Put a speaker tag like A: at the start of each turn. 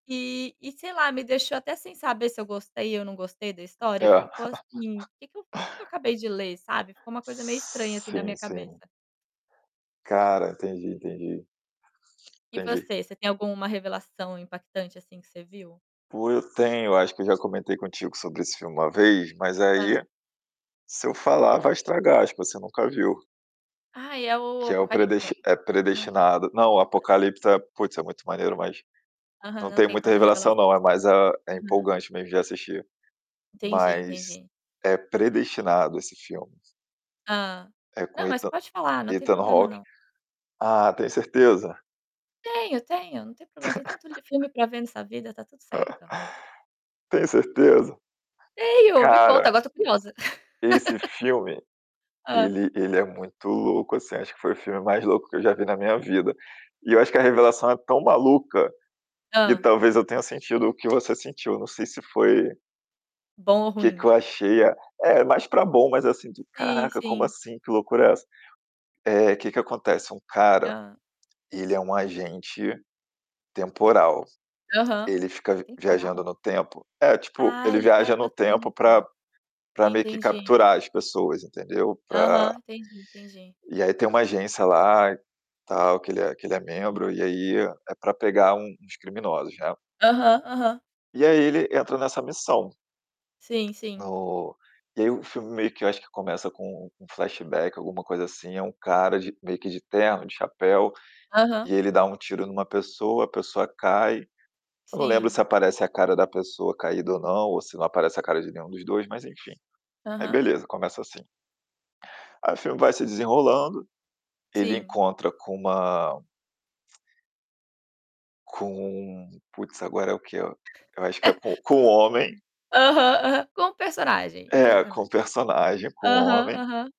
A: E e, sei lá, me deixou até sem saber se eu gostei ou não gostei da história,
B: É.
A: ficou, assim: "Que que eu que que eu acabei de ler?" Sabe, ficou uma coisa meio estranha, assim, na
B: Sim,
A: minha
B: sim.
A: cabeça.
B: Cara, entendi, entendi.
A: E
B: Entendi.
A: você, você tem alguma revelação impactante, assim, que você viu?
B: Pô, eu tenho, eu acho que eu já comentei contigo sobre esse filme uma vez. Mas
A: Hã.
B: aí, se eu falar vai estragar, acho que você nunca viu.
A: Ai, é o o
B: Que é o
A: Apocalipse?
B: predest é
A: Não.
B: Predestinado. Não, o
A: Foi quase.
B: Apocalipse é puts, é muito maneiro mas
A: Aham.
B: não
A: Não
B: tem
A: tem
B: muita
A: tanta
B: revelação
A: revelação.
B: não, é mais a é
A: Aham.
B: empolgante mesmo de assistir.
A: Entendi,
B: Mas
A: entendi.
B: é Predestinado, esse filme.
A: Hã.
B: É com
A: Não, mas
B: Ethan
A: pode falar, não tem
B: Ethan
A: problema
B: Hawke.
A: não.
B: Ah, tem certeza?
A: Tenho, tenho. Não tem problema, tem tanto li filme para ver nessa vida, está tudo certo.
B: Tem certeza?
A: Tenho, me conta,
B: Cara
A: agora estou curiosa.
B: esse filme,
A: Hã.
B: ele ele é muito louco, assim, acho que foi o filme mais louco que eu já vi na minha vida. E eu acho que a revelação é tão maluca, que
A: Hã.
B: talvez eu tenha sentido o que você sentiu, não sei se foi
A: Bom ou
B: Que que eu
A: ruim?
B: achei? É, é mais pra bom. Mas, assim, tu:
A: Sim,
B: "Caraca, como
A: sim.
B: assim? Que loucura é essa?" Eh, que que acontece, um cara,
A: Hã.
B: ele é um agente temporal,
A: Aham.
B: ele fica v viajando
A: Temporal?
B: no tempo. É, tipo,
A: Ah,
B: ele
A: ele viaja
B: viaja
A: no
B: no tempo pra
A: tempo.
B: pra meio que
A: Entendi.
B: capturar as pessoas, entendeu, pra
A: Aham. Entendi, entendi.
B: E aí tem uma agência lá, tal, que ele é que ele é membro e aí é pra pegar un uns criminosos, né.
A: Aham, aham.
B: E aí ele entra nessa missão.
A: Sim, sim.
B: No e aí o filme meio que eu acho que começa com um um flashback, alguma coisa assim, é um cara de meio que de terno, de chapéu,
A: Aham.
B: e ele dá um tiro em uma pessoa, a pessoa cai, eu não lembro
A: Sim.
B: se aparece a cara da pessoa caída ou não, ou se não aparece a cara de nenhum dos 2 mas, enfim, aí
A: Aham.
B: beleza, começa assim. Aí o filme vai se desenrolando, ele
A: Sim.
B: encontra com uma com puts, agora é o quê? Eu acho que é co com homem
A: Aham, aham. Como personagem, um
B: É,
A: persona
B: com personagem, com
A: aham,
B: homem
A: aham.